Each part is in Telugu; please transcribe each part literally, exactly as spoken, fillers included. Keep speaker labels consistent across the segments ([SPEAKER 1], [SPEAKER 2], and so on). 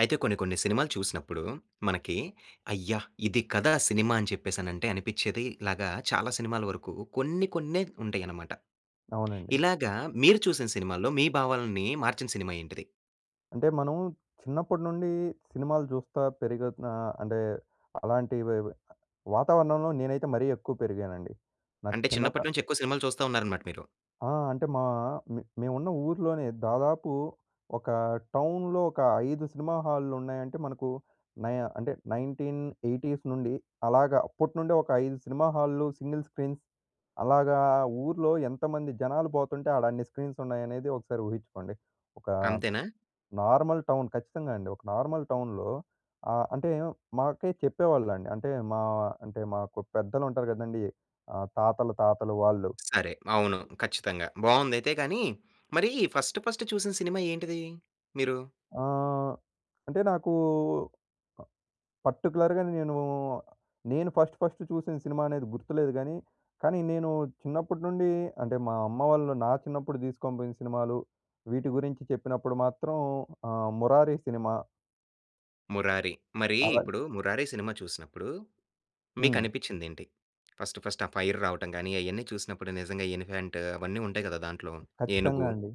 [SPEAKER 1] అయితే కొన్ని, కొన్ని సినిమాలు చూసినప్పుడు మనకి, అయ్యా! ఇది కదా సినిమా అని చెప్పేసనంటే అనిపిచేది. ఇలాగ చాలా సినిమాల వరకు కొన్ని కొన్నే ఉంటాయన్నమాట.
[SPEAKER 2] అవునండి.
[SPEAKER 1] ఇలాగ మీరు చూసిన సినిమాల్లో, మీ భావాల్ని మార్చిన సినిమా ఏంటిది?
[SPEAKER 2] అంటే మనం చిన్నప్పటినుండి సినిమాలు చూస్తా పెరుగుతున ఆహ్, అంటే, అలాంటివి వై వై వాతావరణంలో నేనైతే మరీ ఎక్కువ పెరిగానండి. నా
[SPEAKER 1] అంటే,
[SPEAKER 2] చిన్నత
[SPEAKER 1] చిన్నప్పటినుంచి ఎక్కువ సినిమాలు చూస్తా ఉన్నారన్నమాట మీరు.
[SPEAKER 2] ఆ! అంటే, మా మె మేమున్న ఊర్లోనే, దాదాపు ఒక టౌనులో ఒక, ఐదు సినిమా హాలులున్నాయంటే మనకు నై అంటే నైన్‌టీన్ ఎయిటీస్ నుండి, అలాగా అప్పటి నుండే ఒక ఐదు సినిమా హాల్లు సింగిల్ స్క్రీన్స్. అలాగా ఊర్లో ఎంతమంది జనాలు పోతుంటే, ఆడన్ని స్క్రీన్స్ ఉన్నాయనేది ఒకసారి ఊహించుకోండి. ఒక
[SPEAKER 1] అంతేనా?
[SPEAKER 2] నార్మల్ టౌన్ ఖచ్చితంగా అండి. ఒక నార్మల్ టౌన్‌లో ఆహ్, అంటే, మాకె చెప్పేవాళ్ళండి. అంటే మా అంటే మాకు పెద్దలు ఉంటారు గదండీ. ఆహ్, తాతల తాతలు వాళ్ళు.
[SPEAKER 1] సరే. అవును. ఖచ్చితంగా. బావుందైయితే గాని. మరీ, ఫస్ట్ ఫస్ట్ చూసిన సినిమా ఏంటిది మీరు?
[SPEAKER 2] ఆహ్, అంటే నాకు ప పర్టిక్యులర్‌గా నేను, నేను ఫస్ట్, ఫస్ట్ చూసిన సినిమా అనేది గుర్తులేదు గానీ, కానీ నేను చిన్నప్పటి నుండి అంటే, మా అమ్మ వాళ్ళు నా చిన్నప్పుడు దీసుకొనిపోయిన సినిమాలు, వీటి గురించి చెప్పినప్పుడు మాత్రం ఆహ్, 'మురారి' సినిమా.
[SPEAKER 1] 'మురారి.' మరీ
[SPEAKER 2] అలా
[SPEAKER 1] ఇప్పుడు 'మురారి' సినిమా చూసినప్పుడు,
[SPEAKER 2] హ్మ్.
[SPEAKER 1] మీకనిపిచ్చిందేంటి? ఫస్ట్, ఫస్ట్ ఆ ఫైర్ రావటం గాని, అయన్నీ చూసినప్పుడు నిజంగా ఎలిఫాంటు, అవన్నీ ఉంటాయి కదా! దాంట్లో
[SPEAKER 2] ఖచ్చితంగా
[SPEAKER 1] ఏనుగు.
[SPEAKER 2] అండి.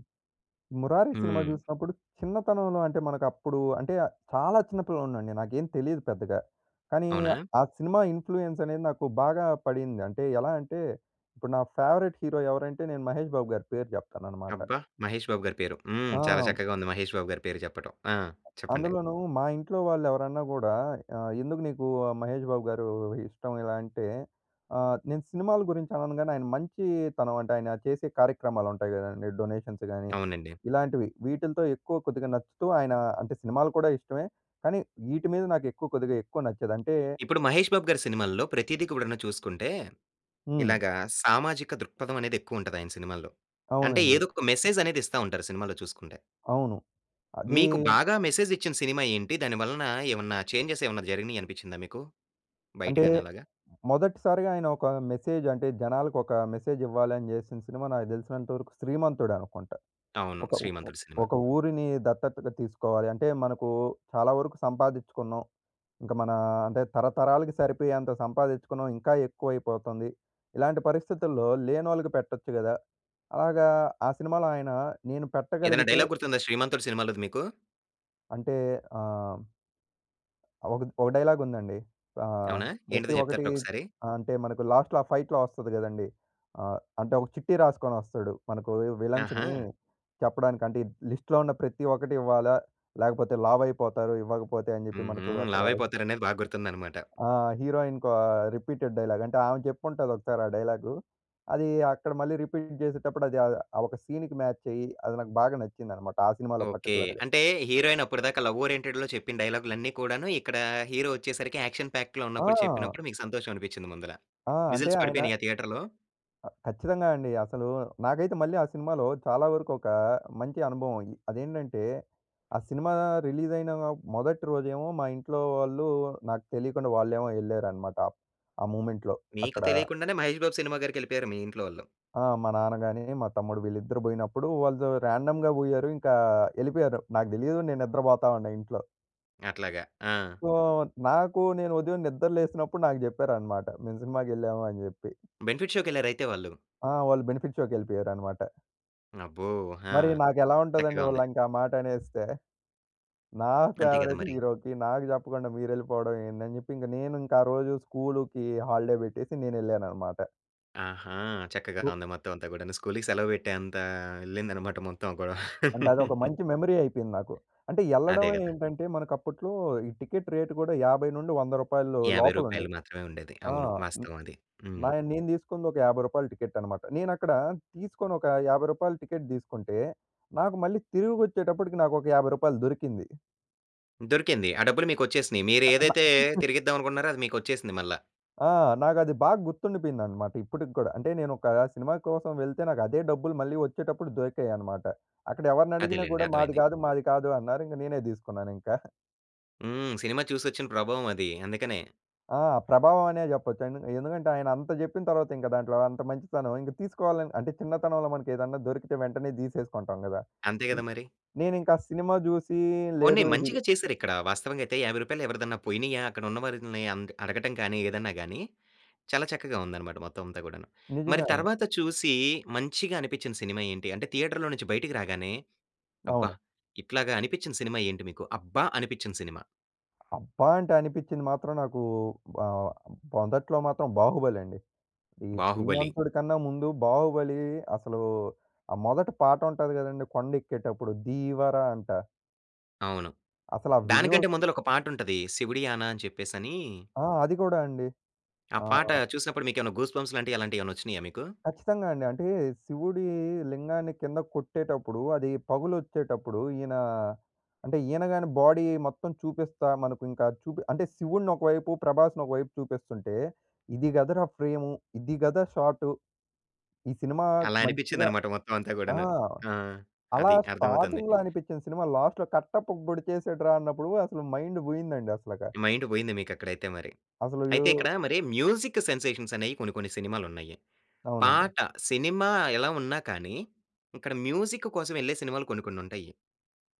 [SPEAKER 2] 'మురారి' సినిమా
[SPEAKER 1] హ్మ్.
[SPEAKER 2] చూసినప్పుడు చిన్నతనంలో అంటే, మనకప్పుడు అంటే చాలా చిన్న పిల్లోనండీ. నాకేం తెలీదు పెద్దగా. కానీ,
[SPEAKER 1] అవునా!
[SPEAKER 2] ఆ సినిమా ఇన్‌ఫ్లుయెన్స్ అనేది నాకు బాగా పడింది. అంటే, ఎలా అంటే ఇప్పుడు నా ఫేవరైట్ హీరో ఎవరంటే, నేను 'మహేష్ బాబు' గారి పేరు చెప్తాననమాట.
[SPEAKER 1] అబ్బా! మహేష్ బాబు గారి పేరు. హ్మ్. చాలా
[SPEAKER 2] ఆ!
[SPEAKER 1] చక్కగా ఉంది మహేష్ బాబు గారి పేరు చెప్పటం. ఆ! చెప్పండి.
[SPEAKER 2] అందులోను మా ఇంట్లో వాళ్ళు ఎవరన్నా కూడా, ఆహ్, "ఎందుకు నీకు మహేష్ బాబు గారు ఇష్టం," ఇలా అంటే ఆహ్, నేను సినిమాల గురించి అనను గాని, ఆయన మంచీతనం అంటే ఆయన చేసే కార్యక్రమాలుంటాయి కదండీ! డొనేషన్స్ గానీ,
[SPEAKER 1] అవునండి.
[SPEAKER 2] ఇలాంటివి వీటిలతో ఎక్కువ కొద్దిగా నచ్చుతూ ఆయనా అంటే సినిమాలు కూడా ఇష్టమే. కానీ, ఈటి మీద నాకు ఎక్కువ, కొద్దిగా ఎక్కువ నచ్చేదంటే
[SPEAKER 1] ఇప్పుడు, 'మహేష్ బాబు' గారి సినిమాల్లో ప్రతీది కూడాను చూసుకుంటే,
[SPEAKER 2] హ్మ్.
[SPEAKER 1] ఇలాగా సామాజిక దృక్పథమనేది ఎక్కువుంటది ఆయన సినిమాల్లో. అంటే,
[SPEAKER 2] అవునండి.
[SPEAKER 1] ఏదోక మెసేజనేది ఇస్తా ఉంటారు సినిమాల్లో చూసుకుంటే.
[SPEAKER 2] అవును. అదీ
[SPEAKER 1] మీకు బాగా మెసేజ్ ఇచ్చిన సినిమా ఏంటి? దాని వలన ఏమన్నా చేంజెస్ ఏమన్నా జరిగినాయనిపిచ్చిందా మీకూ?
[SPEAKER 2] అంటే,
[SPEAKER 1] బయటగాని అలాగా?
[SPEAKER 2] మొదటిసారిగా ఆయన ఒక మెసేజు అంటే, జనాలకు ఒక మెసేజివ్వాలని చేసిన సినిమా నాకు తెలిసినంతవరకు 'శ్రీమంతుడు' అనుకుంట.
[SPEAKER 1] అవును.
[SPEAKER 2] ఒక ఉ ఒ
[SPEAKER 1] 'శ్రీమంతుడు' సినిమా.
[SPEAKER 2] ఒక ఊరిని దత్తతగా తీసుకోవాలి. అంటే, మనకు చాలా వరకు సంపాదిచుకున్నాం. ఇంక మనా అంటే, తరతరాలకి సరిపోయేంత సంపాదిచ్చుకున్నాం ఇంకా ఎక్కువైపోతుంది. ఇలాంటి పరిస్థితుల్లో లేనోళ్ళకి పెట్టొచ్చు కదా! అలాగా ఆ సినిమాలో ఆయన నేను
[SPEAKER 1] ఏదన్నా
[SPEAKER 2] పెట్టగలిగితే
[SPEAKER 1] డైలాగ్ గుర్తుందా 'శ్రీమంతుడు' సినిమాలోది మీకు?
[SPEAKER 2] అంటే ఆహ్ ఒక ఒక డైలాగుందండి. ఆహ్,
[SPEAKER 1] అవునా? ఏంటిదో
[SPEAKER 2] ప్రతి ఒకటి
[SPEAKER 1] చెప్తారా ఒకసారి?
[SPEAKER 2] ఆహ్, అంటే మనకు లాస్ట్‌లో ఆ ఫైట్‌లో వస్తది కదండీ. ఆహ్, అంటే ఒక చిట్టీ రాసుకొని వస్తాడు. మనకు విలన్స్‌‌ని
[SPEAKER 1] ఆహా!
[SPEAKER 2] చెప్పడానికి అంటే, లిస్ట్‌లో ఉన్న ప్రతి ఒక్కటి ఇవ్వాల, లేకపోతే లావయిపోతారు ఇవ్వకపోతే అని చెప్పి
[SPEAKER 1] ఉహూ.
[SPEAKER 2] మనకు అక్కడ
[SPEAKER 1] లావైపోతారనేది బాగా గుర్తుందన్నమాట.
[SPEAKER 2] ఆ హీరోయిన్‌‌కు రిపీటెడ్ డైలాగ్. అంటే ఆమె చెప్పి ఉంటాది ఒకసారి ఆ డైలాగు. అది అక్కడ మళ్ళీ రిపీట్ చేసేటప్పుడు అది ఒక సీన్‌కి మ్యాచ్ అయ్యి అది నాకు బాగా నచ్చిందన్నమాట. ఆ సినిమాలో
[SPEAKER 1] ఓకే.
[SPEAKER 2] పర్టిక్యులర్‌గా.
[SPEAKER 1] అంటే హీరోయిన్ అప్పటిదాకా లవ్ ఓరియెంటెడ్‌లో చెప్పిన డైలాగులన్నీ కూడాను ఇక్కడ హీరో వచ్చేసరికి యాక్షన్ ప్యాక్‌లో ఉన్నప్పుడు
[SPEAKER 2] ఆ!
[SPEAKER 1] చెప్పినప్పుడు మీకు సంతోషం అనిపించింది ముందుల.
[SPEAKER 2] ఆ! అంటే
[SPEAKER 1] విజిల్స్
[SPEAKER 2] ఆయన
[SPEAKER 1] పడిపోయినాయా థియేటర్‌లో?
[SPEAKER 2] ఆ! ఖచ్చితంగా అండి. అసలు నాకైతే మళ్ళీ ఆ సినిమాలో చాలా వరకు ఒక మంచి అనుభవం. అదేంటంటే ఆ సినిమా రిలీజయిన మొదటి రోజేమో మా ఇంట్లో వాళ్ళు నాకు తెలియకుండా వాళ్ళేమో ఎళ్లారన్నమాట. ఆ మూమెంట్‌లో
[SPEAKER 1] మీకు
[SPEAKER 2] అక్కడ
[SPEAKER 1] తెలియకుండానే మహేష్ బాబు సినిమా గారికెళ్ళిపోయారు మీ ఇంట్లో వాళ్ళు.
[SPEAKER 2] ఆ! మా నాన్న గాని, మా తమ్ముడు వీళ్ళిద్దరూ బోయినప్పుడు వాళ్ళు ర్యాండమ్‌గా బోయారు. ఇంకా ఎళ్ళిపోయారు. నాకు తెలియదు నేను నిద్రపోతా ఉన్న ఇంట్లో.
[SPEAKER 1] అట్లాగా. ఆ!
[SPEAKER 2] సో, నాకూ నేను ఉదయం నిద్ర లేసినప్పుడు నాకు చెప్పారనమాట. మేము సినిమాకెళ్ళావా అని జెప్పి.
[SPEAKER 1] బెనిఫిట్ షోకెళ్ళారైతే వాళ్ళు.
[SPEAKER 2] ఆ! వాళ్ళు బెనిఫిట్ షోకెళ్ళిపోయారనమాట.
[SPEAKER 1] అబ్బో! ఆహా!
[SPEAKER 2] మరీ నాకెలా ఉంటదండి,
[SPEAKER 1] చక్కగా ఉంది.
[SPEAKER 2] వాళ్ళింక ఆ మాటనేస్తే? నా
[SPEAKER 1] అంతే గద
[SPEAKER 2] ఫేవరెట్
[SPEAKER 1] మరి!
[SPEAKER 2] హీరోకి, నాకు జెప్పకుండా మీరెళ్ళిపోవడమేందని జెప్పి, ఇంగ నేనింక ఆ రోజు స్కూలూకి హాలిడే బెట్టేసి నేనెళ్ళాననమాట.
[SPEAKER 1] ఆహా! చక్కగా
[SPEAKER 2] ఉ
[SPEAKER 1] ఉంది మొత్తవంతా గూడాను. స్కూలికి సెలవ పెట్టేంతా యెళ్ళిందనమాట మొత్తం ఆ గొడవ.
[SPEAKER 2] అంటే, అదొక మంచి మెమరీ అయిపోయింది నాకు. అంటే, యెళ్ళడం
[SPEAKER 1] అదే గదా!
[SPEAKER 2] ఏంటంటే, మనకప్పుట్లో ఈ టికెట్ రేటు గూడా యాభై నుండి వంద రూపాయల్లో
[SPEAKER 1] యాభై రూపాయలు
[SPEAKER 2] లోపలుండేది.
[SPEAKER 1] మాత్రమే ఉండేది.
[SPEAKER 2] ఆ!
[SPEAKER 1] అవును
[SPEAKER 2] మె
[SPEAKER 1] వాస్తవం అది. హ్మ్.
[SPEAKER 2] నాయి నేను తీసుకుందొక యాభై రూపాయల టికెట్టనమాట. నేనక్కడా తీసుకొనొకా యాభై రూపాయల టికెట్ దీసుకుంటే, నాకు మళ్ళీ తిరిగొచ్చేటప్పుడికి నాకొక యాభై రూపాయలు దొరికింది.
[SPEAKER 1] దొరికింది. ఆ డబ్బులు మీకొచ్చేసినియి.
[SPEAKER 2] ఆ! న
[SPEAKER 1] మీరేదైతే తిరిగిద్దావనుకున్నారో, అది మీకొచ్చేసింది మళ్ళా.
[SPEAKER 2] ఆ! నాకు అది బాగా గుర్తుండిపోయిందనమాట ఇప్పటికి గూడా. అంటే, నేనొకా సినిమా కోసం వెళ్తే, నాకదే డబ్బులు మళ్ళీ ఒచ్చేటప్పుడు దొరికాయనమాట. అక్కడ ఎవరినడిగినా
[SPEAKER 1] అదేలేండి.
[SPEAKER 2] గూడా మాది
[SPEAKER 1] అర్థమైంది.
[SPEAKER 2] గాదు, మాది కాదు అన్నారు. ఇంక నేనే దీసుకున్నానింక.
[SPEAKER 1] హ్మ్. సినిమా చూసొచ్చిన ప్రభావం అది అందుకనే.
[SPEAKER 2] ఆ! ప్రభావం అనే జెప్పొచ్చు. ఎంద్ ఎందుకంటే ఆయన అంత జెప్పిన తర్వాత ఇంక దాంట్లో అంత మంచితనం ఇంక తీసుకోవాలని అంటే చిన్నతనంలో మనకేదన్నా దొరికితే వెంటనే తీసేసుకుంటాం గదా!
[SPEAKER 1] అంతే గదా! మరి.
[SPEAKER 2] నేనింక సినిమా జూసి
[SPEAKER 1] పోనీ
[SPEAKER 2] లేదు ఇది
[SPEAKER 1] మంచిగా చేసారిక్కడ. వాస్తవంగైతే యాభై రూపాయలు ఎవరిదన్నా పోయినయా అక్కడ ఉన్నవారిదున్నయ అంద్ అడగటం కానీ ఏదైనా గానీ, చాలా చక్కగా ఉందన్నమాట మొత్తం అంతా గూడాను. మరి
[SPEAKER 2] నిజంగా అండి.
[SPEAKER 1] తర్వాత చూసి మంచిగా అనిపిచ్చిన సినిమా ఏంటి? అంటే థియేటర్‌లో నుంచి బయటికి రాగానే అబ్బా!
[SPEAKER 2] అవును.
[SPEAKER 1] ఇట్లాగా అనిపించిన సినిమా ఏంటి మీకు? అబ్బా! అనిపించిన సినిమా?
[SPEAKER 2] అబ్బా! అంటే అనిపిచ్చింది మాత్రం నాకు ఆహ్, మొదట్లో మాత్రం 'బాహుబలి' అండి. ఈ
[SPEAKER 1] 'బాహుబలి'.
[SPEAKER 2] 'శ్రీమంతుడి' కన్నా ముందు 'బాహుబలి' అసలు ఆ మొదటి పాట ఉంటది గదండీ! కొండెక్కేటప్పుడు 'ధీవ‌ర' అంట.
[SPEAKER 1] అవును.
[SPEAKER 2] అసలు ఆ
[SPEAKER 1] దానికంటే
[SPEAKER 2] విజువల్స్‌కి
[SPEAKER 1] ముందల ఒక పాట ఉంటది 'శివుడియానా' అని చెప్పేసనీ.
[SPEAKER 2] ఆ! అది గూడా అండి.
[SPEAKER 1] ఆ!
[SPEAKER 2] ఆ!
[SPEAKER 1] పాట చూసినప్పుడు మీకేమన్నా గూస్‌బంప్స్ లాంటియి అలాంటియేమన్నా వచ్చినాయా మీకు?
[SPEAKER 2] ఖచ్చితంగా అండి. అంటే శివుడి లింగాన్ని కింద కొట్టేటప్పుడు అది పగులొచ్చేటప్పుడు ఈయన అంటే ఈయన గానీ బాడీ మొత్తం చూపిస్తా మనకు ఇంకా చూపి అంటే శివుడ్ని ఒకవైపు 'ప్రభాస్‌ని' ఒకవైపు చూపిస్తుంటే, ఇది గదరా! ఫ్రేము, ఇది గదా! షాటు. ఈ సినిమా
[SPEAKER 1] అలా
[SPEAKER 2] మంచిగా
[SPEAKER 1] అనిపిచ్చిందన్నమాట మొత్తం అంతా
[SPEAKER 2] ఆ!
[SPEAKER 1] గూడాను. ఆ!
[SPEAKER 2] అలా
[SPEAKER 1] అది అర్థమవుతుంది.
[SPEAKER 2] స్టార్టింగ్‌లో అనిపిచ్చిన సినిమా, లాస్ట్‌లో కట్టప్ప పొడిచేసాడు‌రా అన్నప్పుడు అసలు మైండ్ బోయిందండి అసల‌కా.
[SPEAKER 1] మైండ్ పోయింది మీకు అక్కడైతే మరి.
[SPEAKER 2] అసలు యో
[SPEAKER 1] అయితే ఇక్కడ మరి మ్యూజిక్ సెన్సేషన్స్ అనేయి కొన్ని, కొన్ని సినిమాలు ఉన్నాయి.
[SPEAKER 2] అవునండి.
[SPEAKER 1] పాట సినిమా ఎలా ఉన్నా కానీ, ఇక్కడ మ్యూజిక్ కోసం వెళ్ళే సినిమాలు కొన్ని కొన్నుంటాయి.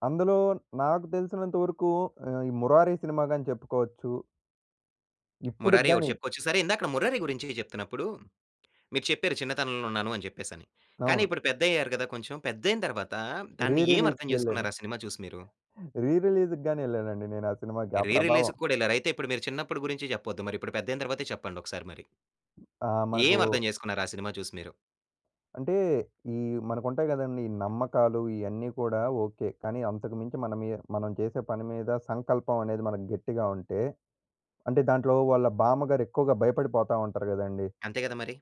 [SPEAKER 2] అందులో నాకు తెలిసినంత వరకూ ఆహ్, ఈ 'మురారి' సినిమా గానీ చెప్పుకోచ్చు. ఇప్పుడుకి
[SPEAKER 1] 'మురారి' ఒకటి
[SPEAKER 2] గానీ
[SPEAKER 1] చెప్పుకోవచ్చు సరే, ఇందాక 'మురారి' గురించి చెప్తున్నప్పుడు మీరు చెప్పారు చిన్నతనంలో ఉన్నాను అని చెప్పేసని. కానీ,
[SPEAKER 2] అవును.
[SPEAKER 1] ఇప్పుడు పెద్దయ్యారు కదా! కొంచెం. పెద్దైన తర్వాత,
[SPEAKER 2] రీ
[SPEAKER 1] దాన్ని ఏమర్థం
[SPEAKER 2] రిలీజ్‌‌కెళ్ళాను.
[SPEAKER 1] చేసుకున్నారు ఆ సినిమా చూసి మీరూ?
[SPEAKER 2] రీ రిలీజ్‌‌‌ గానీ వెళ్ళానండి నేనూ ఆ సినిమాకి, ఆ
[SPEAKER 1] రీ
[SPEAKER 2] ప్రభావం.
[SPEAKER 1] రిలీజ్‌కి కూడా వెళ్ళారు. అయితే, ఇప్పుడు మీరు చిన్నప్పుడు గురించి చెప్పొద్దు. మరి ఇప్పుడు పెద్దయిన తర్వాతే చెప్పండి ఒకసారి మరి.
[SPEAKER 2] ఆ! మనకూ
[SPEAKER 1] ఏమర్థం చేసుకున్నారు ఆ సినిమా చూసి మీరు?
[SPEAKER 2] అంటే ఈ మనకుంటాయి కదండీ! ఈ నమ్మకాలూ ఇయన్నీ కూడా ఓకె. కానీ, అంతకు మించి మన మి మనం చేసే పని మీద సంకల్పమనేది మనకు గట్టిగా ఉంటే అంటే దాంట్లో వాళ్ళ బామ్మగారెక్కువగా భయపడిపోతా ఉంటారు కదండీ!
[SPEAKER 1] అంతే కదా! మరీ.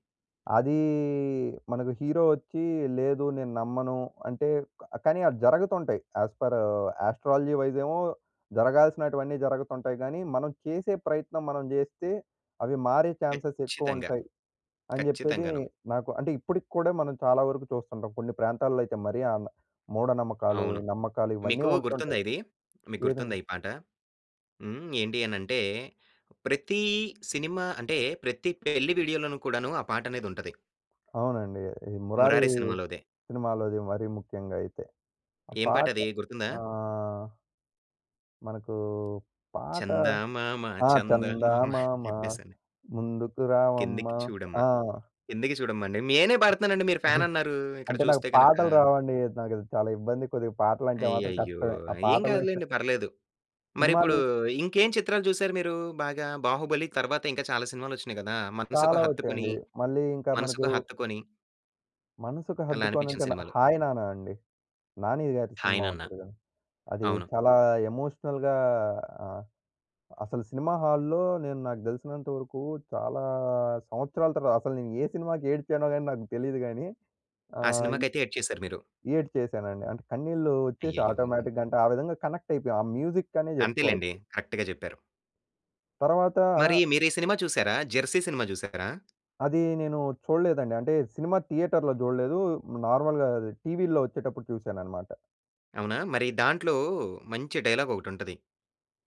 [SPEAKER 2] అదీ మనకు హీరో ఒచ్చీ, లేదూ నేనమ్మను అంటే కానీ, అవి జరగతుంటాయి. యాస్ ఫర్ ఆస్ట్రాలజీ వైసేమో, జరగాల్సినటివన్నీ జరగుతుంటాయి గానీ, మనం చేసే ప్రయత్నం మనం చేస్తే, అవి మారే ఛాన్సెస్
[SPEAKER 1] ఖచ్చితంగా,
[SPEAKER 2] ఎక్కువుంటాయి అని చెప్పేది
[SPEAKER 1] ఖచ్చితంగాను.
[SPEAKER 2] నాకు అంటే ఇప్పడికి కూడా మనం చాలా వరకు చూస్తుంటాం. కొన్ని ప్రాంతాల్లో అయితే మరి ఆన్ మూఢనమ్మకాలు,
[SPEAKER 1] అవును.
[SPEAKER 2] ఈ నమ్మకాలు ఇవన్నీ
[SPEAKER 1] మీకూ గుర్తుందా
[SPEAKER 2] ఉంటుంటాయి.
[SPEAKER 1] ఇది? మీకు
[SPEAKER 2] ఏదండి?
[SPEAKER 1] గుర్తుందా ఈ పాట? హ్మ్. ఏంటి అనంటే, ప్రతీ సినిమా అంటే ప్రతి పెళ్ళి వీడియోలోను కూడాను ఆ పాటనేదుంటది.
[SPEAKER 2] అవునండి. ఈ 'మురారీ'
[SPEAKER 1] 'మురారి' సినిమాలోదే.
[SPEAKER 2] సినిమాలోది మరీ ముఖ్యంగా అయితే. ఆ
[SPEAKER 1] ఏం
[SPEAKER 2] పాట
[SPEAKER 1] పాటదీ గుర్తుందా?
[SPEAKER 2] ఆహ్ మనకూ పాట,
[SPEAKER 1] చందామామ
[SPEAKER 2] ఆ!
[SPEAKER 1] చందామామ అని
[SPEAKER 2] చందమామ
[SPEAKER 1] చెప్పేసని.
[SPEAKER 2] ముందుకు రావమ్మ.
[SPEAKER 1] 'కిందికి చూడమ్మా.
[SPEAKER 2] ఆ!
[SPEAKER 1] కిందికి చూడమ్మా' అండి. నేనే పాడతన్నానండి, మీరు ఫ్యానన్నారూ ఇక్కడ
[SPEAKER 2] అంటే, నాకు
[SPEAKER 1] చూస్తే గనక.
[SPEAKER 2] పాటలు రావండీ. అది నాకది చాలా ఇబ్బంది. కొద్దిగా పాటలంటే మాత్రం
[SPEAKER 1] అయ్యయ్యో!
[SPEAKER 2] కష్టమే. ఆ
[SPEAKER 1] ఆహ్, ఏం
[SPEAKER 2] పాటల విషయం
[SPEAKER 1] కాదులేండి పర్లేదు.
[SPEAKER 2] సినిమాలు
[SPEAKER 1] మరిప్పుడూ
[SPEAKER 2] విష్
[SPEAKER 1] ఇంకేం చిత్రాలు చూశారు మీరూ బాగా? 'బాహుబలి' తర్వాత ఇంకా చాలా సినిమాలొచ్చినియి గదా! మనసుకు
[SPEAKER 2] చాలా
[SPEAKER 1] హత్తుకుని,
[SPEAKER 2] ఒచ్చాయండి. మళ్ళీ ఇంక మనకు
[SPEAKER 1] మనసుకు హత్తుకొని
[SPEAKER 2] మనసుకి
[SPEAKER 1] అలా అనిపిచ్చిన
[SPEAKER 2] హద్దుకోనంటేనా
[SPEAKER 1] సినిమాలు?
[SPEAKER 2] 'హాయ్ నాన్న' అండి. 'నానిగారి'
[SPEAKER 1] 'హాయ్
[SPEAKER 2] సినిమా
[SPEAKER 1] నాన్న'
[SPEAKER 2] ఉంటది గదా! అది
[SPEAKER 1] అవును.
[SPEAKER 2] చాలా ఎమోషనల్‌గా ఆహ్, అసలు సినిమా హాల్లో నేను నాకు దెలిసినంత వరుకూ చాలా సంవత్సరాల తర్వా అసలు నేను ఏ సినిమాకేడ్చానో గానీ, నాకు తెలీదు గానీ,
[SPEAKER 1] ఆ
[SPEAKER 2] ఆహ్, ఇ
[SPEAKER 1] సినిమాకైతే ఎడ్చెశారు మీరు.
[SPEAKER 2] ఏడ్చేశానండి. అంటే, కన్నీళ్ళూ ఒచ్చేశాయి
[SPEAKER 1] అయ్యయ్యో!
[SPEAKER 2] ఆటోమేటిక్‌గా. అంటే, ఆ విధంగా కనెక్టయిపోయాం, ఆ మ్యూజిక్‌కనే
[SPEAKER 1] అంతేలెండి.
[SPEAKER 2] జెప్పుకోవచ్చు.
[SPEAKER 1] కరక్ట్‌గా జెప్పారు.
[SPEAKER 2] తర్వాతా
[SPEAKER 1] మరీ మీరీ సినిమా చూశారా, 'జెర్సీ' సినిమా జూశారా?
[SPEAKER 2] అదీ నేనూ చూడలేదండి. అంటే, సినిమా థియేటర్‌లో జూడలేదూ. హ్మ్, నార్మల్‌గా అది టీవీల్లో ఒచ్చేటప్పుడు చూశాననమాట.
[SPEAKER 1] అవునా! మరి దాంట్లో మంచి డైలాగ్ ఒకటుంటది.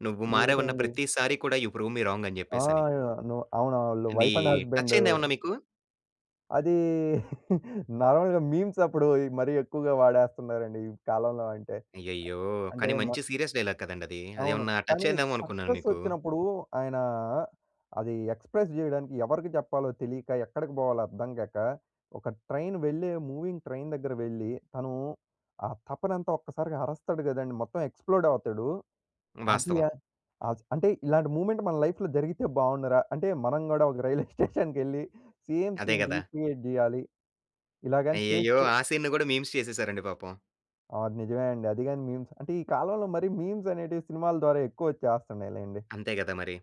[SPEAKER 1] "నువ్వు మారావన్న
[SPEAKER 2] ఏదండి?
[SPEAKER 1] ప్రతిసారి కూడా యు ప్రూవ్ మీ రాంగని"
[SPEAKER 2] ఆ!
[SPEAKER 1] జెప్పేసని.
[SPEAKER 2] ను అవునాళ్లు
[SPEAKER 1] ఇది
[SPEAKER 2] వైఫ్ అండ్ హస్బెండు.
[SPEAKER 1] టచయిందా ఏమన్నా మీకు?
[SPEAKER 2] అది నార్మల్‌గా మీమ్సప్పుడు ఇ మరీ ఎక్కువగా వాడేస్తున్నారండి ఈ కాలంలో అంటే.
[SPEAKER 1] అయ్యయ్యో!
[SPEAKER 2] అంటే,
[SPEAKER 1] కానీ
[SPEAKER 2] మ
[SPEAKER 1] మంచి సీరియస్ డైలాగ్ కదండది.
[SPEAKER 2] అవును.
[SPEAKER 1] అదేమన్నా
[SPEAKER 2] కానీ
[SPEAKER 1] టచయిందేమో అనుకున్నాను
[SPEAKER 2] సక్సెస్
[SPEAKER 1] మీకు.
[SPEAKER 2] వచ్చినప్పుడు, ఆయనా అది ఎక్స్‌ప్రెస్ జేయడానికి ఎవరికి జెప్పాలో తెలీక ఎక్కడికి బోవాలో అర్థం గాక, ఒక ట్రైన్ వెళ్లే మూవింగ్ ట్రైన్ దగ్గరకి వెళ్లి తను ఆ తపనంతా ఒక్కసారిగా అరస్తాడు గదండీ! మొత్తం ఎక్స్‌ప్లోడ్ అవుతాడు. అది
[SPEAKER 1] వాస్తవం.
[SPEAKER 2] య ఆస్ అంటే ఇలాంటి మూమెంట్ మన లైఫ్‌లో జరిగితే బావుండురా! అంటే మనం కూడా ఒక రైల్వే స్టేషన్‌కెళ్లి సేమ్
[SPEAKER 1] అదే
[SPEAKER 2] సీన్
[SPEAKER 1] గదా!
[SPEAKER 2] రిక్రియేట్ జేయాలి. ఇలాగని
[SPEAKER 1] అయ్యయ్యో!
[SPEAKER 2] చేస్తే
[SPEAKER 1] ఆ సీన్‌ని గూడా మీమ్స్ చేసేసారండి పాపం.
[SPEAKER 2] ఆ! అది నిజమే అండి. అది గాని మీమ్స్ అంటే, ఈ కాలంలో మరి మీమ్స్ అనేటివి సినిమాల ద్వారా ఎక్కువ వచ్చేస్తున్నాయిలెండి.
[SPEAKER 1] అంతే గదా మరి.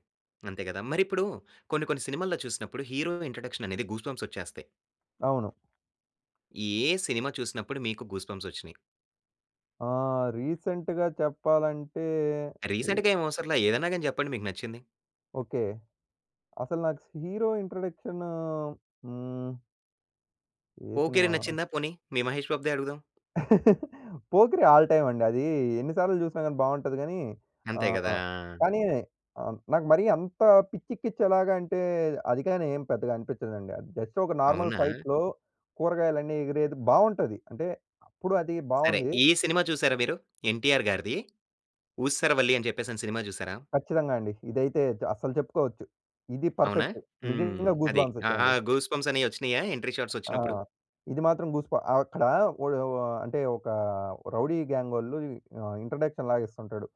[SPEAKER 1] అంతే గదా! మరిప్పుడు కొన్ని కొన్ని సినిమాల్లో చూసినప్పుడు హీరో ఇంట్రడక్షననేది గూస్‌బంప్స్ వచ్చేస్తాయి.
[SPEAKER 2] అవును.
[SPEAKER 1] ఏ సినిమా చూసినప్పుడు మీకు గూస్‌బంప్స్ వచ్చినియి?
[SPEAKER 2] ఆహ్, రీసెంట్‌గా చెప్పాలంటే
[SPEAKER 1] రీసెంట్‌గా ఏం అవసరం లా. ఏదైనా గాని జెప్పండి మీకు నచ్చింది?
[SPEAKER 2] ఓకే. అసలు నాకు స్ హీరో ఇన్‌ట్రడక్షనూ హ్మ్. ఏ
[SPEAKER 1] 'పోకిరి'
[SPEAKER 2] సినిమా?
[SPEAKER 1] నచ్చిందా? పోనీ. మీ 'మహేష్ బాబుదే' అడుగుదాం.
[SPEAKER 2] 'పోకిరి' ఆల్ టైమండి. అదీ ఎన్ని సార్లు జూసినా గాని బావుంటది గానీ.
[SPEAKER 1] అంతే గదా!
[SPEAKER 2] ఆహ్, కానీ, ఆహ్, నాకు మరీ అంత పిచ్చెకిచ్చేలాగా అంటే, అదికాని ఏం పెద్దగా అనిపిచ్చదండి. అది జస్ట్ ఒక నార్మల్
[SPEAKER 1] అవునా!
[SPEAKER 2] ఫైట్‌లో కూరగాయలన్నీ ఎగిరేది బావుంటది. అంటే, అప్పుడు అది
[SPEAKER 1] సరే.
[SPEAKER 2] బావుంది.
[SPEAKER 1] ఈ సినిమా చూసారా మీరు? 'ఎన్టీఆర్' గారిది 'ఊసరవల్లి' అని చెప్పేసని సినిమా చూసారా?
[SPEAKER 2] ఖచ్చితంగా అండి. ఇదైతే చ అస్సలు చెప్పుకోవచ్చు. ఇది
[SPEAKER 1] అవునా!
[SPEAKER 2] పర్ఫెక్టు.
[SPEAKER 1] హ్మ్.
[SPEAKER 2] నిజంగా
[SPEAKER 1] అది
[SPEAKER 2] గూస్‌బంప్స్
[SPEAKER 1] ఆహ్, ఆ
[SPEAKER 2] వచ్చాయండి.
[SPEAKER 1] గూస్‌బంప్స్ అనేయి వచ్చినియ, ఎంట్రి షార్ట్స్
[SPEAKER 2] ఆ!
[SPEAKER 1] వచ్చినప్పుడు?
[SPEAKER 2] ఇది మాత్రం గూస్‌బ ఆహ్, అక్కడ ఒడ వ అంటే, ఒక రౌడీ గ్యాంగొళ్ళు ఆహ్, ఇంట్రడక్షన్ లాగా ఇస్తుంటాడు.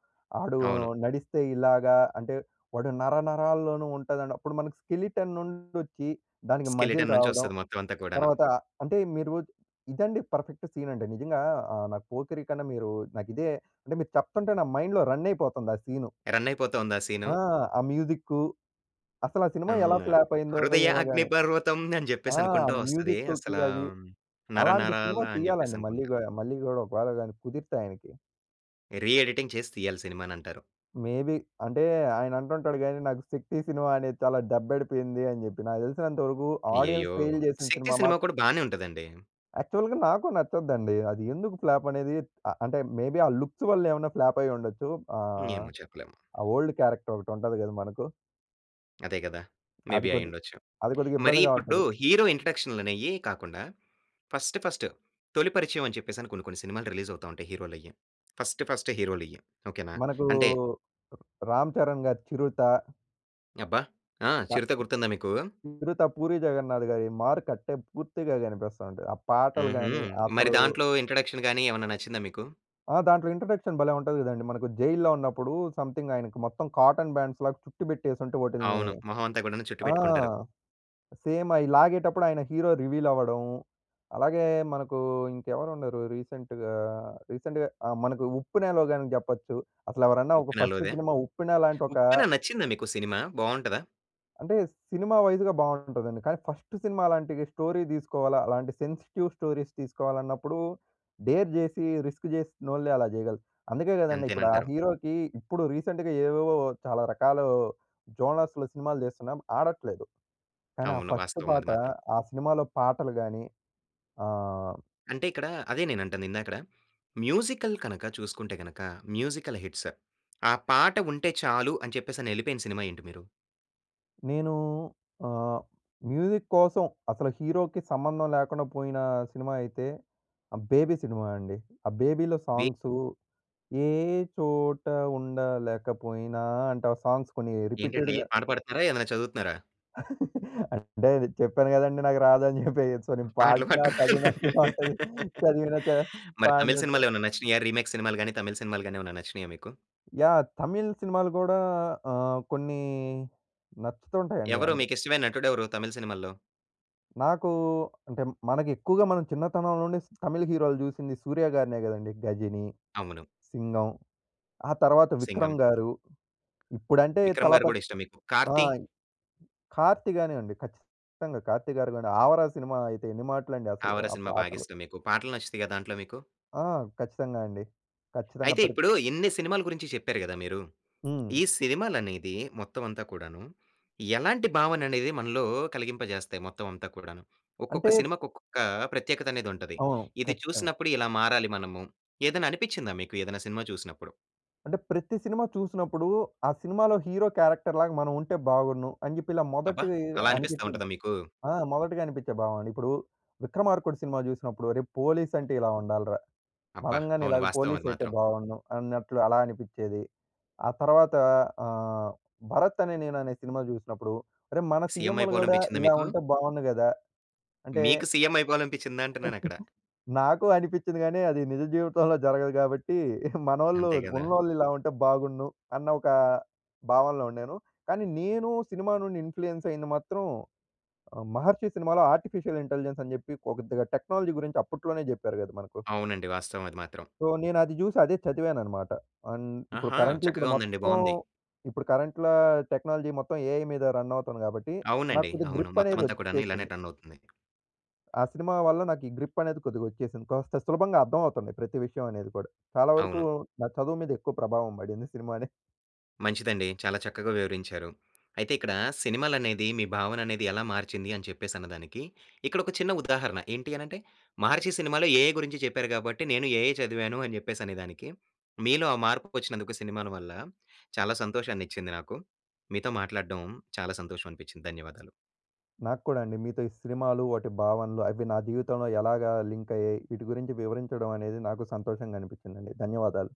[SPEAKER 2] ఆడు
[SPEAKER 1] అవును.
[SPEAKER 2] నడిస్తే ఇలాగా అంటే, వాడు నరనరాల్లోనూ ఉంటది అన్నప్పుడు, మనకి స్కెలెటన్ నుండొచ్చి దానికి మజిల్
[SPEAKER 1] స్కెలిటన్ నుంచి
[SPEAKER 2] రావడం.
[SPEAKER 1] వస్తది మొత్తం అంతా కూడాను.
[SPEAKER 2] తర్వాత, అంటే మీరు ఇదండి పర్ఫెక్ట్ సీనంటే, నిజంగా ఆహ్, నాకు 'పోకిరి' కన్నా, మీరు నాకిదే అంటే మీరు చెప్తంటే నా మైండ్‌లో రనైపోతుంది ఆ సీను.
[SPEAKER 1] రనైపోతూ ఉందా ఆ సీను?
[SPEAKER 2] ఆ! ఆ మ్యూజిక్కు. అస్సల ఆ సినిమా
[SPEAKER 1] హ్మ్,
[SPEAKER 2] ఎలా
[SPEAKER 1] ఆహ్,
[SPEAKER 2] ఫ్లాపయిందో
[SPEAKER 1] హృదయ
[SPEAKER 2] ఏమో గాని.
[SPEAKER 1] అగ్నిపర్వతం అని జెప్పేసి
[SPEAKER 2] ఆ!
[SPEAKER 1] అనుకుంటూ వస్తది.
[SPEAKER 2] మ్యుజిక్కుకి
[SPEAKER 1] అస్సలా
[SPEAKER 2] అది. అలాంటి సినిమా
[SPEAKER 1] 'నరనరాల' అని
[SPEAKER 2] తీయాలండి మళ్ళీ
[SPEAKER 1] జెప్పేసనుకుంటా.
[SPEAKER 2] గూడ, మళ్ళీ గూడ ఒకవేళ గాని కుదిరితే ఆయనకి.
[SPEAKER 1] రీ ఎడిటింగ్ చేసి తియ్యాలి సినిమానంటారు.
[SPEAKER 2] మేబీ. అంటే, ఆయనంటుంటాడు గానీ, నాకు 'శక్తి' సినిమా అనేది చాలా దెబ్బడిపోయింది అని జెప్పి. నాకు తెలిసినంత వరుకూ ఆడియన్స్
[SPEAKER 1] అయ్యయ్యో!
[SPEAKER 2] ఫెయిల్ జేసిన
[SPEAKER 1] 'శక్తి'
[SPEAKER 2] సినిమా
[SPEAKER 1] సినిమా
[SPEAKER 2] మాత్
[SPEAKER 1] కూడా బానే ఉంటదండి.
[SPEAKER 2] యాక్చువల్‌గా నాకు నచ్చద్దండి అదీ. ఎందుకు ప్లాపనేదీ అ అంటే, మేబీ ఆ లుక్స్ వల్లేవన్నా ఫ్లాపయ్యుండచ్చు. ఆహ్,
[SPEAKER 1] ఏమో చెప్పలేము.
[SPEAKER 2] ఆ ఓల్డ్ క్యారెక్టరొకటుంటది గదా! మనకు.
[SPEAKER 1] అదే గదా!
[SPEAKER 2] అది
[SPEAKER 1] మేబీ
[SPEAKER 2] కొద్ది
[SPEAKER 1] అయుండొచ్చు.
[SPEAKER 2] అది
[SPEAKER 1] మరీ
[SPEAKER 2] కొద్దిగిబ్బందిగా
[SPEAKER 1] ఇప్పుడూ
[SPEAKER 2] ఉంటది.
[SPEAKER 1] హీరో ఇంట్రడక్షన్‌లనేయీ కాకుండా, ఫస్ట్ ఫస్ట్ తొలి పరిచయం అని చెప్పేసని కొన్ని కొన్ని సినిమాలు రిలీజవుతా ఉంటాయి హీరోలయ్యి. First first హీరోలియ్యి. ఓకెనా?
[SPEAKER 2] మనకూ
[SPEAKER 1] అంటే
[SPEAKER 2] రామ్ చరణ్ గారి 'చిరుతా'.
[SPEAKER 1] అబ్బా! ఆ!
[SPEAKER 2] త
[SPEAKER 1] 'చిరుత' గుర్తుందా మీకూ?
[SPEAKER 2] 'చిరుత'. 'పూరి జగన్నాథ్' గారి మార్కట్టే పూర్తిగా గనిపిస్తా ఉంటది. ఆ పాటలు
[SPEAKER 1] హుహు.
[SPEAKER 2] గానీ,
[SPEAKER 1] మరి
[SPEAKER 2] అసలూ
[SPEAKER 1] దాంట్లో ఇంట్రడక్షన్‌ గానీ, ఏమన్నా నచ్చిందా మీకు?
[SPEAKER 2] ఆ! దాంట్లో ఇంట్రడక్షన్ భలే ఉంటది గదండీ! మనకు జైల్లో ఉన్నప్పుడూ, సమ్‌థింగ్ ఆయనకి మొత్తం కాటన్ బ్యాండ్స్‌లాగా చుట్టి బెట్టేసుంటే, వాటిల్ని
[SPEAKER 1] అవును. మొహవంతా కూడాను చుట్టి
[SPEAKER 2] ఆ!
[SPEAKER 1] పెట్టుకుంటారు.
[SPEAKER 2] సేమయి లాగేటప్పుడు ఆయన హీరో రివీలవడం, అలాగే మనకూ ఇంకెవరున్నరు రీసెంట్‌గా? రీసెంట్‌గా ఆహ్, మనకు 'ఉప్పెన'లో గానీ జెప్పచ్చు. అసలెవరన్నా ఒక
[SPEAKER 1] 'ఉప్పెన‌'
[SPEAKER 2] ఫస్ట్
[SPEAKER 1] లోదా?
[SPEAKER 2] సినిమా 'ఉప్పెన' లాంటొకా
[SPEAKER 1] 'ఉప్పెన' నచ్చిందా మీకు సినిమా? బావుంటదా?
[SPEAKER 2] అంటే, సినిమా వైజ్‌గా బావుంటదండి. కానీ, ఫస్ట్ సినిమా అలాంటి స్టోరీ తీసుకోవాలా! అలాంటి సెన్సిటివ్ స్టోరీస్ తీసుకోవాలన్నప్పుడు, డేర్ జేసి రిస్క్ చేసినోళ్ళే అలా చేయగలరు. అందుకే గదండీ, ఇప్పుడు ఆ
[SPEAKER 1] అంతేనంటారు.
[SPEAKER 2] హీరోకి ఇప్పుడు రీసెంట్‌‌గా ఏవేవో చాలా రకాలు జోనర్స్‌లో సినిమాలు జేస్తున్నాం ఆడట్లేదు. కానీ, ఆ
[SPEAKER 1] అవును.
[SPEAKER 2] ఫస్ట్
[SPEAKER 1] వాస్తవం అది
[SPEAKER 2] పాట
[SPEAKER 1] మాత్రం.
[SPEAKER 2] ఆ సినిమాలో పాటలు గాని ఆహ్
[SPEAKER 1] అంటే, ఇక్కడ అదే నేనంటంది. ఇందాక‌డ మ్యూజికల్ కనక చూసుకుంటే గనక, మ్యూజికల్ హిట్స్ ఆ పాట ఉంటె చాలు, అని చెప్పేసనెళ్ళిపోయిన సినిమా ఏంటి మీరు?
[SPEAKER 2] నేను ఆహ్, మ్యూజిక్ కోసం, అసలు హీరోకి సంబంధం లేకుండా పోయిన సినిమా అయితే ఆహ్, 'బేబీ' సినిమా అండి. ఆ 'బేబీలో'
[SPEAKER 1] బే
[SPEAKER 2] సాంగ్సు 'ఏ చోట ఉండలేకపోయినా!' అంటే, ఆ సాంగ్స్ కొన్ని
[SPEAKER 1] ఏంటండి
[SPEAKER 2] రిపీటెడ్‌గా
[SPEAKER 1] పాట పాడుతున్నారా? ఏదైనా చదువుతున్నారా?
[SPEAKER 2] అంటే, అది చెప్పాను కదండీ! నాకు రాదని చెప్పేయ్యొచ్చు, నేను
[SPEAKER 1] పాటలు
[SPEAKER 2] పాడిన
[SPEAKER 1] పాడటం
[SPEAKER 2] చదివినట్టే ఉంటది. చదివిన చ
[SPEAKER 1] మరి తమిళ్
[SPEAKER 2] పాడిన‌ట్టు
[SPEAKER 1] సినిమాలేవన్నా నచ్చినియా? రిమేక్ సినిమాలు గాని, తమిళ్ సినిమాలు గాని ఏవన్న నచ్చినీయా మీకు?
[SPEAKER 2] యాహ్! తమిళ్ సినిమాలు గూడా అహ్, కొన్నీ నచ్చుతుంటాయండి.
[SPEAKER 1] ఎవరు
[SPEAKER 2] అంటే
[SPEAKER 1] మీకిష్టమైన నటుడెవరు, తమిళ్ సినిమాల్లో?
[SPEAKER 2] నాకూ అంటే, మనకెక్కువుగా మనం చిన్నతనం నుండి స్ తమిళ్ హీరోలు జూసింది 'సూర్య' గారినే గదండి. 'గజిని',
[SPEAKER 1] అవును.
[SPEAKER 2] 'సింగం'. ఆ తర్వాత
[SPEAKER 1] 'సింగం'.
[SPEAKER 2] 'విక్రమ్‌గారు.' ఇప్పుడంటే
[SPEAKER 1] 'విక్రమ్‌‌గారు' గూడా
[SPEAKER 2] తలపతి
[SPEAKER 1] ఇష్టం మీకు.
[SPEAKER 2] ఆ!
[SPEAKER 1] కార్తీ?
[SPEAKER 2] 'కార్తీ' గానివండి. ఖచ్చితంగా. 'కార్తీగారు' గూడా. 'ఆవారా' సినిమా అయితే ఎన్ని మాటులండి అసలు,
[SPEAKER 1] 'ఆవారా'
[SPEAKER 2] ఆ
[SPEAKER 1] సినిమా
[SPEAKER 2] పాటలు.
[SPEAKER 1] బాగిష్టం మీకు. పాటలు నచ్చుతయిగా దాంట్లో మీకు?
[SPEAKER 2] ఆ! ఖచ్చితంగా అండి. ఖచ్చితంగా
[SPEAKER 1] అయితే
[SPEAKER 2] ప్రత్
[SPEAKER 1] ఇప్పుడూ, ఇన్ని సినిమాలు గురించి చెప్పారు గదా! మీరు,
[SPEAKER 2] హ్మ్.
[SPEAKER 1] ఈ సినిమాలనేది మొత్తం అంతా కూడాను, ఎలాంటి భావననేది మనలో కలిగింపజేస్తాయి మొత్తం అంతా కూడాను? ఒక్కొక్క
[SPEAKER 2] అంటే
[SPEAKER 1] సినిమాకొక్కొక్కా ప్రత్యేకతనేదుంటది.
[SPEAKER 2] అవును.
[SPEAKER 1] ఇది
[SPEAKER 2] ఖచ్చితంగా.
[SPEAKER 1] చూసినప్పుడు ఇలా మారాలి మనము, ఏదన్ననిపిచ్చిందా మీకు ఏదన్నా సినిమా చూసినప్పుడు?
[SPEAKER 2] అంటే, ప్రతి సినిమా చూసినప్పుడూ, ఆ సినిమాలో హీరో క్యారెక్టర్‌ లాగా మనవుంటే బావున్ను, అని జెప్పి ఇలా
[SPEAKER 1] అబ్బా!
[SPEAKER 2] మొదటీ
[SPEAKER 1] అలా అనిపిస్తా
[SPEAKER 2] అనిపిచ్చింది.
[SPEAKER 1] ఉంటదా మీకు?
[SPEAKER 2] ఆ! మొదటిగా అనిపిచ్చే భావన. ఇప్పుడూ 'విక్రమార్కుడు' సినిమా జూసినప్పుడు, అరె, పోలీసంటే ఇలా ఉండాలిరా.
[SPEAKER 1] అబ్బా!
[SPEAKER 2] మనం గానీ
[SPEAKER 1] అవును.
[SPEAKER 2] ఇలాగా
[SPEAKER 1] వాస్తవం అది
[SPEAKER 2] పోలీసయితే
[SPEAKER 1] మాత్రం.
[SPEAKER 2] బావుండును అన్నట్లు అలా అనిపిచ్చేది. ఆ తర్వాతా ఆహ్, 'భరత్ అనే నేను' అనే సినిమా జూసినప్పుడు, అరే, మన
[SPEAKER 1] సీఎం
[SPEAKER 2] సీఎంలు గూడా
[SPEAKER 1] అయిపోవాలనిపిచ్చిందా
[SPEAKER 2] ఇలా
[SPEAKER 1] మీకు?
[SPEAKER 2] ఉంటే బావుండు గదా! అంటే
[SPEAKER 1] మీకు సీఎం అయిపోవాలనిపిచ్చిందా అంటున్నానక్కడ.
[SPEAKER 2] నాకూ అనిపిచ్చింది గానీ, అది నిజ జీవితంలో జరగదు గాబట్టీ, మనోళ్ళు,
[SPEAKER 1] అంతే గదా!
[SPEAKER 2] ఉన్నోళ్ళిలా ఉంటే బాగున్ను, అన్న ఒకా భావనలో ఉండేను, కానీ నేనూ సినిమా నుండి ఇన్‌ఫ్లూయెన్సయ్యింది మాత్రం ఆహ్, 'మహర్షి' సినిమాలో ఆర్టిఫిషియల్ ఇంటెలిజెన్స్ అని జెప్పి పో కొద్దిగా టెక్నాలజీ గురించి అప్పుట్లోనే జెప్పారు గద మనకు.
[SPEAKER 1] అవునండి. వాస్తవమది మాత్రం.
[SPEAKER 2] సో, నేనది జూసి, అదే చదివాననమాట. అన్ ఇప్పుడు
[SPEAKER 1] ఆహా!
[SPEAKER 2] కరంట్లీ ఇప్పుడు
[SPEAKER 1] చక్కగా ఉందండి.
[SPEAKER 2] మొత్తం,
[SPEAKER 1] బావుంది.
[SPEAKER 2] ఇప్పుడు కరంట్‌లా టెక్నాలజీ మొత్తం ఏఐ మీద రన్నవుతోంది గాబట్టి, నాకు
[SPEAKER 1] అవునండి.
[SPEAKER 2] కొద్దిగ
[SPEAKER 1] అవును.
[SPEAKER 2] గ్రిప్పనేది
[SPEAKER 1] మొత్తమంతా కూడాను ఇలానే
[SPEAKER 2] ఒచ్చేసింది.
[SPEAKER 1] రన్నవుతుంది.
[SPEAKER 2] ఆ సినిమా వల్ల నాకీ గ్రిప్పనేది కొద్దిగొచ్చేసింది. కాస్త సులభంగా అర్థమవుతంది, ప్రతి విషయం అనేది కూడా. చాలా వరుకూ
[SPEAKER 1] అవును.
[SPEAKER 2] నా చదువు మీదెక్కువ ప్రభావం బడింది సినిమానే.
[SPEAKER 1] మంచిదండి. చాలా చక్కగా వివరించారు. అయితే ఇక్కడా, సినిమాలనేది మీ భావననేది ఎలా మార్చింది అని చెప్పేసన్నదానికి, ఇక్కడొక చిన్న ఉదాహరణ. ఏంటి అనంటే, 'మహర్షి' సినిమాలో ఏఐ గురించి చెప్పారు గాబట్టి, నేను ఏఐ చదివాను అని జెప్పేసనేదానికి, మీలో ఆ మార్పుకొచ్చినందుకు సినిమాల వల్ల, చాలా సంతోషాన్నిచ్చింది నాకు. మీతో మాట్లాడడం చాలా సంతోషం అనిపిచ్చింది. ధన్యవాదాలు.
[SPEAKER 2] నాకు కూడా అండి. మీతో ఈ సినిమాలు, వాటి భావనలు, అవి నా జీవితంలో ఎలాగా లింకయ్యాయి. వీటి గురించి వివరించడం అనేది నాకు సంతోషంగనిపిచ్చిందండి. ధన్యవాదాలు.